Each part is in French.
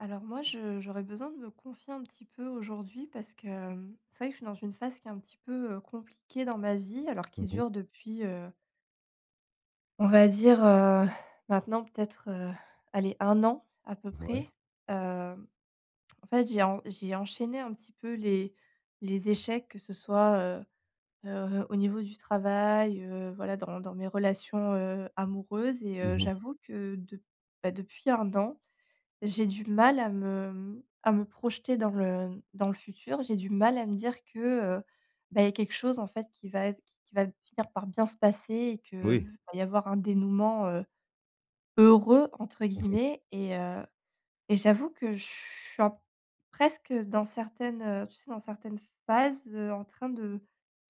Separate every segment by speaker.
Speaker 1: Alors moi je j'aurais besoin de me confier un petit peu aujourd'hui parce que, mmh, c'est vrai que je suis dans une phase qui est un petit peu, heu, compliquée dans ma vie, alors qui
Speaker 2: Mmh mh.
Speaker 1: dure depuis, heu on va dire, heu, maintenant, peut-être, heu, allez, 1 an, à peu
Speaker 2: Mouais.
Speaker 1: près. Hem, en fait j'ai en j'ai enchaîné un petit peu les les échecs, que ce soit, heu heu, au niveau du travail, heu, voilà dans dans mes relations, heu, amoureuses et
Speaker 2: Mmh
Speaker 1: heu,
Speaker 2: mh.
Speaker 1: j'avoue que de bah, depuis 1 an, j'ai du mal à me, mmh, à me projeter dans le dans le futur. J'ai du mal à me dire que, heu, ben il y a quelque chose en fait qui va être qui va finir par bien se passer et qu'il
Speaker 2: Oui.
Speaker 1: va y avoir un dénouement, heu, «heureux», entre
Speaker 2: Mmh mh.
Speaker 1: guillemets et heu, et j'avoue que je suis en presque, heu, dans certaines, heu, tu sais, dans certaines phases, heu, en train de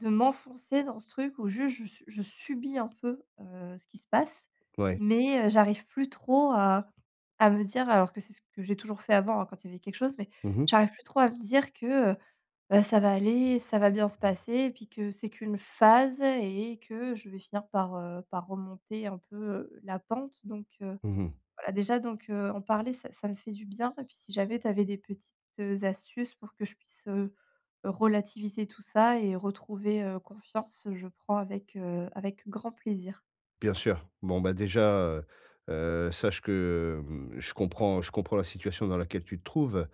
Speaker 1: de m'enfoncer dans ce truc où juste je su je subis un peu, heu, ce qui se passe
Speaker 2: Ouais.
Speaker 1: mais heu, j'arrive plus trop à à me dire alors que c'est ce que j'ai toujours fait avant, hein, quand il y avait quelque chose mais
Speaker 2: Mmh mh.
Speaker 1: j'arrive plus trop à me dire que, heu, ben, ça va aller, ça va bien se passer et puis que c'est qu'une phase et que je vais finir par, heu, par remonter un peu, heu, la pente donc heu,
Speaker 2: Mmh mh.
Speaker 1: voilà déjà donc heu, en parler ça ça me fait du bien et puis si jamais tu avais des petites, heu, astuces pour que je puisse, heu, relativiser tout ça et retrouver, heu, confiance, je prends avec, heu, avec grand plaisir.
Speaker 2: Bien sûr. Bon bah, déjà, heu heu, sache que, hem, je comprends je comprends la situation dans laquelle tu te trouves.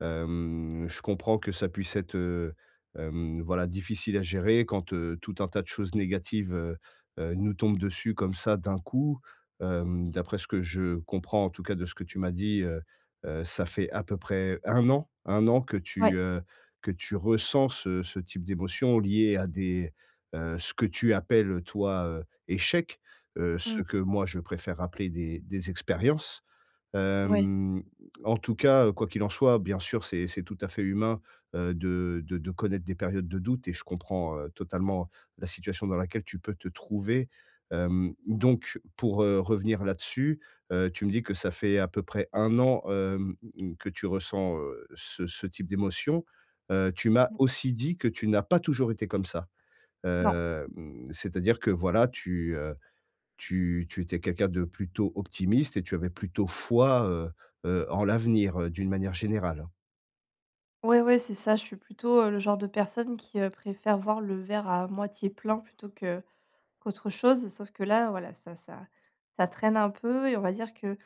Speaker 2: Hem, je comprends que ça puisse être, heu, hem, voilà, difficile à gérer quand, heu, tout un tas de choses négatives, heu heu, nous tombent dessus comme ça, d'un coup. Hem, d'après ce que je comprends, en tout cas, de ce que tu m'as dit, heu heu, ça fait à peu près 1 an 1 an que
Speaker 1: Ouais.
Speaker 2: tu, heu, que tu ressens ce ce type d'émotions liées à des, heu, ce que tu appelles toi, heu, échecs. Heu, ce
Speaker 1: Mmh.
Speaker 2: que moi je préfère appeler des des expériences.
Speaker 1: Ouais.
Speaker 2: Hem, en tout cas, heu, quoi qu'il en soit, bien sûr, c'est c'est tout à fait humain, heu, de de de connaître des périodes de doute et je comprends, heu, totalement la situation dans laquelle tu peux te trouver. Hem, donc pour, heu, revenir là dessus, heu, tu me dis que ça fait à peu près 1 an, hem, mmh mh, que tu ressens, heu, ce ce type d'émotions. Heu, tu m'as
Speaker 1: Mmh.
Speaker 2: aussi dit que tu n'as pas toujours été comme ça.
Speaker 1: Non.
Speaker 2: Hem, c'est-à-dire que voilà, tu, heu, tu tu étais quelqu'un de plutôt optimiste et tu avais plutôt foi, heu heu, en l'avenir, heu, d'une manière générale?
Speaker 1: Ouais, ouais, c'est ça, je suis plutôt, heu, le genre de personne qui préfère voir le verre à moitié plein, plutôt que qu'autre chose, sauf que là, voilà, ça ça ça traîne un peu et on va dire que,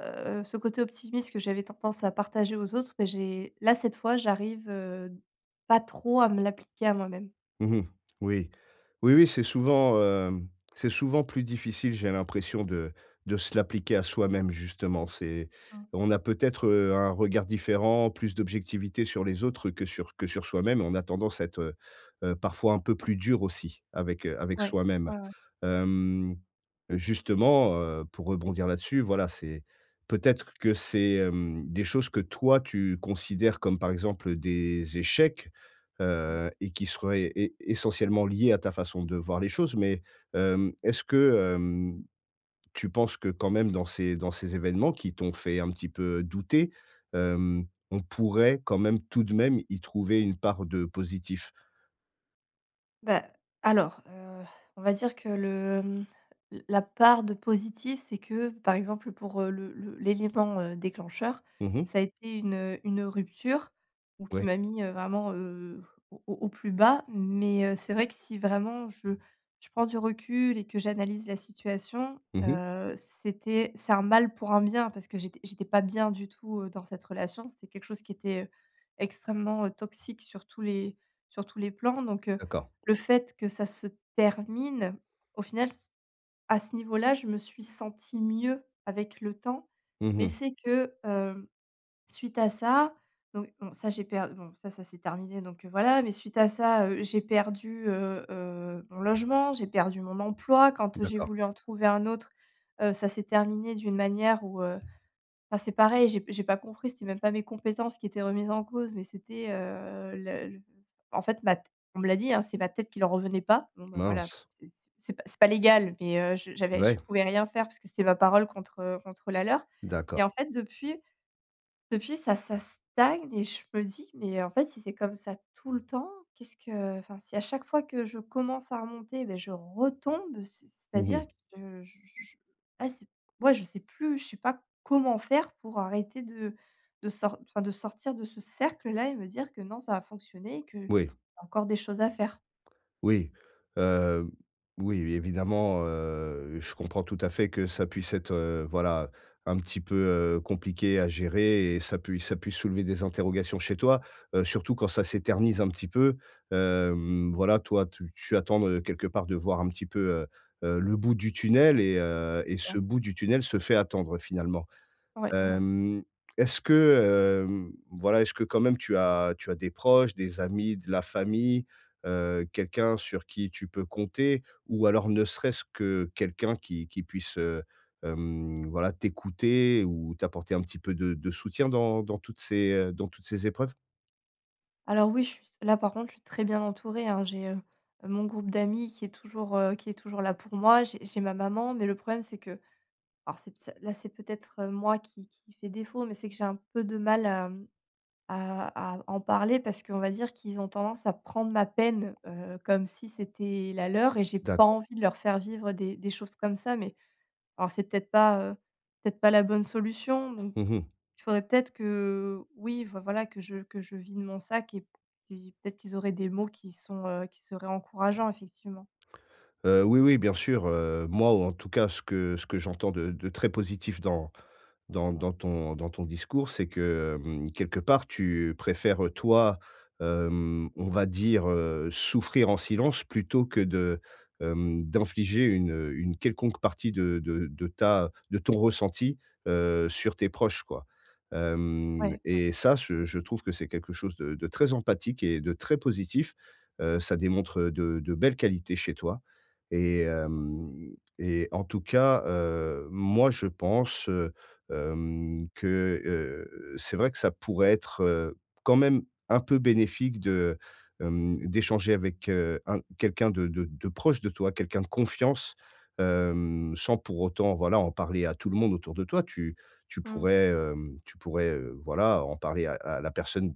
Speaker 1: heu, ce côté optimiste que j'avais tendance à partager aux autres, bah, j'ai là, cette fois, j'arrive, heu, pas trop à me l'appliquer à moi-même.
Speaker 2: Mmh mh. Oui. Oui, oui, c'est souvent, hem, c'est souvent plus difficile, j'ai l'impression de de se l'appliquer à soi-même, justement. C'est
Speaker 1: Ah.
Speaker 2: on a peut-être, heu, un regard différent, plus d'objectivité sur les autres que sur que sur soi-même, on a tendance à être, heu heu, parfois un peu plus dur aussi avec, heu, avec
Speaker 1: Ouais,
Speaker 2: soi-même.
Speaker 1: ouais, ouais.
Speaker 2: Hem, justement, heu, pour rebondir là-dessus, voilà, c'est peut-être que c'est, hem, des choses que toi tu considères comme, par exemple, heu, des échecs.
Speaker 1: Mmh.
Speaker 2: Heu et qui serait é essentiellement lié à ta façon de voir les choses, mais, hem, est-ce que, hem, tu penses que quand même dans ces dans ces événements qui t'ont fait un petit peu douter, hem, on pourrait, quand même, tout de même, y trouver une part de positif?
Speaker 1: Bah alors, heu, on va dire que le, mmh, l la part de positif, c'est que, par exemple pour, heu, le le l'élément, heu, déclencheur,
Speaker 2: Mmh mh.
Speaker 1: ça a été une, heu, une, heu, rupture où qui
Speaker 2: Ouais.
Speaker 1: m'a mis, heu, vraiment, heu, au au au plus bas mais heu, c'est vrai que si vraiment je je prends du recul et que j'analyse la situation,
Speaker 2: Mmh mh.
Speaker 1: heu, c'était c'est un mal pour un bien parce que j'étais j'étais pas bien du tout, heu, dans cette relation. C'est quelque chose qui était, heu, extrêmement, heu, toxique sur tous les sur tous les plans donc heu,
Speaker 2: D'accord.
Speaker 1: le fait que ça se termine, au final c à ce niveau-là je me suis sentie mieux avec le temps,
Speaker 2: Mmh
Speaker 1: mais
Speaker 2: mh.
Speaker 1: c'est que, hem, suite à ça, donc bon ça j'ai per bon ça, ça s'est terminé donc heu, voilà, mais suite à ça, heu, j'ai perdu, heu heu, mon logement, j'ai perdu mon emploi. Quand j'ai
Speaker 2: D'accord.
Speaker 1: voulu en trouver un autre, heu, ça s'est terminé d'une manière où, heu, enfin, c'est pareil, j'ai p j'ai pas compris. C'était même pas mes compétences qui étaient remises en cause, mais c'était, heu, le le en fait ma tê on me l'a dit, hein, c'est ma tête qui leur revenait pas. Bon bah voilà,
Speaker 2: Mince.
Speaker 1: c'est c'est p c'est pas légal mais heu, je j'avais je
Speaker 2: Ouais.
Speaker 1: pouvais rien faire parce que c'était ma parole contre, heu, contre la leur
Speaker 2: D'accord.
Speaker 1: et en fait, depuis depuis ça ça stagne et je me dis: «Mais en fait si c'est comme ça tout le temps, qu'est-ce que» enfin si, à chaque fois, que je commence à remonter, ben je retombe. C'est
Speaker 2: Mmh
Speaker 1: c'est-à-dire
Speaker 2: mh.
Speaker 1: que je je je ah, c'est ouais, je sais plus, je sais pas comment faire pour arrêter de de sort enfin de sortir de ce cercle là et me dire que non, ça va fonctionner et qu'il y
Speaker 2: Oui.
Speaker 1: a encore des choses à faire.
Speaker 2: Oui. Heu, oui, évidemment, heu, je comprends tout à fait que ça puisse être, heu, voilà, un petit peu, heu, compliqué à gérer et ça puisse ça puisse soulever des interrogations chez toi. Heu, surtout quand ça s'éternise un petit peu, hem, voilà, toi, tu tu attends, heu, quelque part de voir un petit peu, heu heu, le bout du tunnel et heu et
Speaker 1: C'est
Speaker 2: ce
Speaker 1: ça.
Speaker 2: bout du tunnel se fait attendre finalement.
Speaker 1: Ouais, ouais ouais.
Speaker 2: Hem, est-ce que, hem, voilà, est-ce que quand même tu as tu as des proches, des amis, de la famille, heu, quelqu'un sur qui tu peux compter ou alors ne serait-ce que quelqu'un qui qui puisse, heu, hem, voilà t'écouter ou t'apporter un petit peu de de soutien dans dans toutes ces, heu, dans toutes ces épreuves?
Speaker 1: Alors oui, je suis s là par contre, je suis très bien entourée, hein. J'ai, heu, mon groupe d'amis qui est toujours, heu, qui est toujours là pour moi, j'ai j'ai ma maman, mais le problème, c'est que alors c'est ps là c'est peut-être moi qui qui fait défaut, mais c'est que j'ai un peu de mal à, hem, à à en parler parce qu'on va dire qu'ils ont tendance à prendre ma peine, heu, comme si c'était la leur et j'ai pas
Speaker 2: D'accord.
Speaker 1: envie de leur faire vivre des des choses comme ça, mais alors c'est peut-être pas, heu, peut-être pas la bonne solution. Donc,
Speaker 2: Mmh mh.
Speaker 1: il faudrait peut-être que, oui, enfin voilà, que je que je vide de mon sac et p et peut-être qu'ils auraient des mots qui sont, heu, qui seraient encourageants, effectivement.
Speaker 2: Heu, oui oui, bien sûr, heu, moi ou en tout cas ce que ce que j'entends de de très positif dans dans dans ton dans ton discours, c'est que, hem, quelque part, tu préfères, heu, toi, hem, on va dire, heu, souffrir en silence plutôt que de, hem, d'infliger une, heu, une quelconque partie de de de ta de ton ressenti, heu, sur tes proches, quoi. Hem,
Speaker 1: Ouais, ouais.
Speaker 2: et ça, ce je trouve que c'est quelque chose de de très empathique et de très positif. Heu, ça démontre de de belles qualités chez toi. Et, hem, et en tout cas, heu, moi je pense, heu, hem, que, heu, c'est vrai que ça pourrait être, heu, quand même un peu bénéfique de, hem, d'échanger avec, heu, un quelqu'un de de de proche de toi, quelqu'un de confiance, hem, sans pour autant voilà, en parler à tout le monde autour de toi. Tu tu
Speaker 1: Mmh.
Speaker 2: pourrais, hem, tu pourrais, heu, voilà, en parler à à la personne,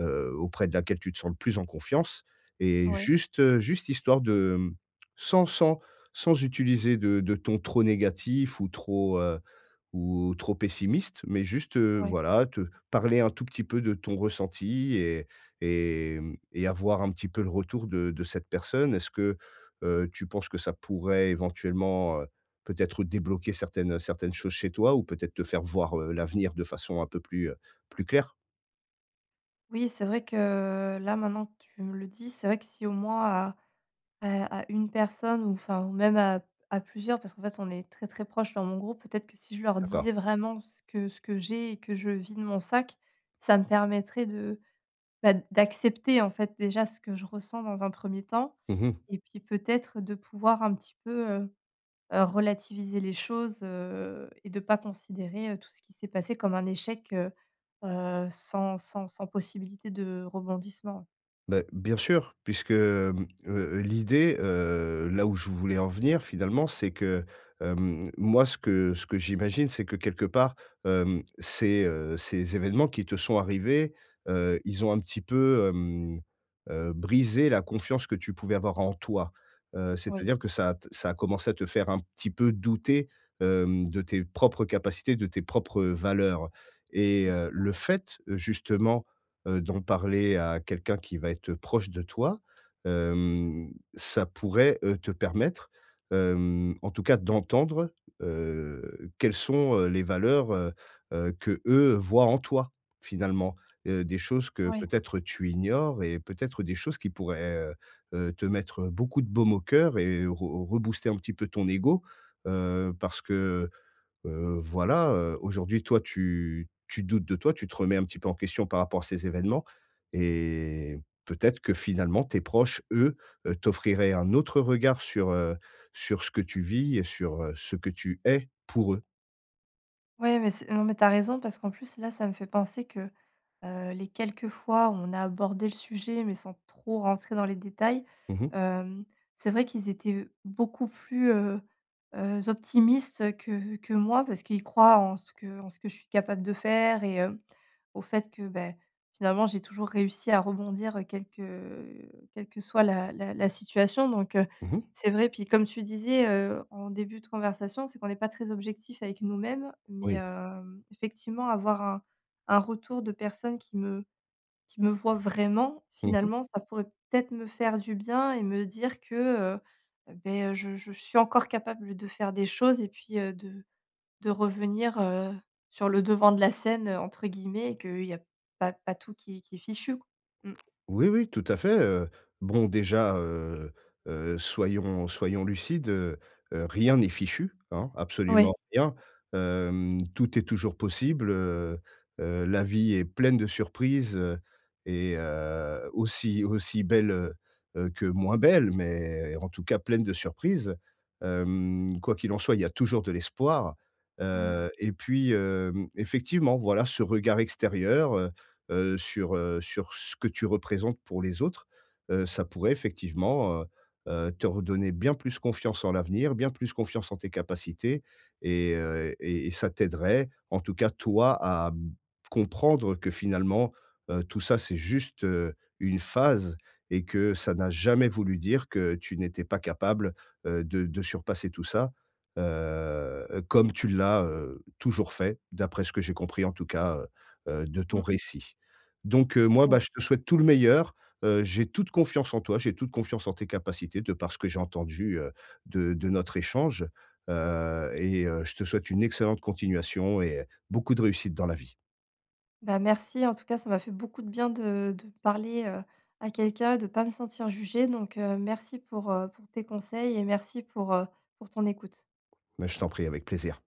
Speaker 2: heu, auprès de laquelle tu te sens le plus en confiance et
Speaker 1: Oui.
Speaker 2: juste juste histoire de, hem, sans sans sans utiliser de de ton trop négatif ou trop, heu, ou trop pessimiste, mais juste, heu,
Speaker 1: Ouais.
Speaker 2: voilà, te parler un tout petit peu de ton ressenti et et hem et avoir un petit peu le retour de de cette personne. Est-ce que, heu, tu penses que ça pourrait éventuellement, heu, peut-être débloquer certaines certaines choses chez toi ou peut-être te faire voir, heu, l'avenir de façon un peu plus, heu, plus clair?
Speaker 1: Oui, c'est vrai que là, maintenant que tu me le dis, c'est vrai que si au moins, à à à 1 personne ou enfin ou même à à plusieurs, parce qu'en fait, on est très, très proche dans mon groupe, peut-être que si je leur
Speaker 2: D'accord.
Speaker 1: disais vraiment ce que ce que j'ai et que je vide de mon sac, ça me permettrait de, bah, d'accepter, en fait, déjà ce que je ressens dans un 1er temps
Speaker 2: Mmh mh.
Speaker 1: et puis peut-être, de pouvoir un petit peu, heu heu, relativiser les choses, heu et de pas considérer tout ce qui s'est passé comme un échec, heu heu, sans sans sans possibilité de rebondissement, ouais.
Speaker 2: Beh, bien sûr, puisque, hem, heu heu, l'idée, heu, là, où je voulais en venir finalement, c'est que, hem, moi, ce que ce que j'imagine, c'est que quelque part, hem, ces, heu, ces événements qui te sont arrivés, heu, ils ont un petit peu, hem, heu, brisé la confiance que tu pouvais avoir en toi. Heu,
Speaker 1: Oui.
Speaker 2: c'est-à-dire que ça a t ça a commencé à te faire un petit peu douter, hem, de tes propres capacités, de tes propres valeurs. Et heu,
Speaker 1: Complètement.
Speaker 2: le fait, justement, heu, d'en parler à quelqu'un qui va être, heu, proche de toi, heu, ça pourrait, heu, te permettre, heu, en tout cas d'entendre, heu, quelles sont, heu, les valeurs, heu heu, qu'eux, voient en toi, finalement, heu, des choses que
Speaker 1: Ouais.
Speaker 2: peut-être, tu ignores et peut-être des choses qui pourraient, heu heu, te mettre beaucoup de baume au cœur et re rebooster un petit peu ton égo, heu, parce que, heu, voilà, heu, aujourd'hui toi tu tu doutes de toi, tu te remets un petit peu en question par rapport à ces événements et peut-être que finalement tes proches, eux, heu, t'offriraient un autre regard sur, heu, sur ce que tu vis et sur, heu, ce que tu es pour eux.
Speaker 1: Ouais mais c'est non, mais tu as raison parce qu'en plus là ça me fait penser que, heu, les quelques fois où on a abordé le sujet mais sans trop rentrer dans les détails.
Speaker 2: Mmh mh.
Speaker 1: Hem, c'est vrai qu'ils étaient beaucoup plus, heu heu, optimistes que que moi parce qu'ils croient en ce que en ce que je suis capable de faire et hem, au fait, que, beh, finalement j'ai toujours réussi à rebondir quelque, heu, quelque soit la la la situation donc heu,
Speaker 2: Mmh mh.
Speaker 1: c'est vrai. Puis, comme tu disais, heu, en début de conversation, c'est qu'on est pas très objectif avec nous mêmes mais
Speaker 2: Oui.
Speaker 1: heu, effectivement, avoir un un retour de personne qui me qui me voit vraiment
Speaker 2: Mmh mh.
Speaker 1: finalement, ça pourrait, peut être, me faire du bien et me dire que, heu, beh, heu, je je suis encore capable de faire des choses et puis, heu, de de revenir, heu, sur «le devant de la scène», heu, entre guillemets et qu'il y a pas pas tout qui est qui est fichu, mmh.
Speaker 2: Oui oui, tout à fait, heu, bon, déjà, heu heu, soyons soyons lucides, heu heu, rien n'est fichu, hein,
Speaker 1: Ouais.
Speaker 2: absolument rien. Hem, tout est toujours possible, heu heu, la vie est pleine de surprises et heu, aussi aussi belles, heu heu, que moins belles mais en tout cas, pleine de surprises. Hem, quoi qu'il en soit, il y a toujours de l'espoir.
Speaker 1: Mmh.
Speaker 2: Heu, et puis, hem, effectivement, voilà, ce regard extérieur, heu heu, sur, heu, sur ce que tu représentes pour les autres, heu, ça pourrait, effectivement, heu heu, te redonner bien plus confiance en l'avenir, bien plus confiance en tes capacités et heu, et et ça t'aiderait, en tout cas, toi, à, mmh, comprendre que finalement, heu, tout ça, c'est juste, heu, une phase et que ça n'a jamais voulu dire que tu n'étais pas capable, heu, de de surpasser tout ça. Heu, heu, comme tu l'as, heu, toujours fait, d'après ce que j'ai compris, en tout cas, heu heu, de ton
Speaker 1: Mmh.
Speaker 2: récit donc heu, moi, bah, je te souhaite tout le meilleur. Heu, j'ai toute confiance en toi, j'ai toute confiance en tes capacités de par ce que j'ai entendu, heu, de de notre échange, heu, et heu, je te souhaite une excellente continuation et heu, beaucoup de réussite dans la vie.
Speaker 1: Bah, merci en tout cas, ça m'a fait beaucoup de bien de de parler, heu, à quelqu'un et de pas me sentir jugée donc heu, merci pour, heu, pour tes conseils et merci pour, heu, pour ton écoute.
Speaker 2: Mais je t'en prie avec plaisir.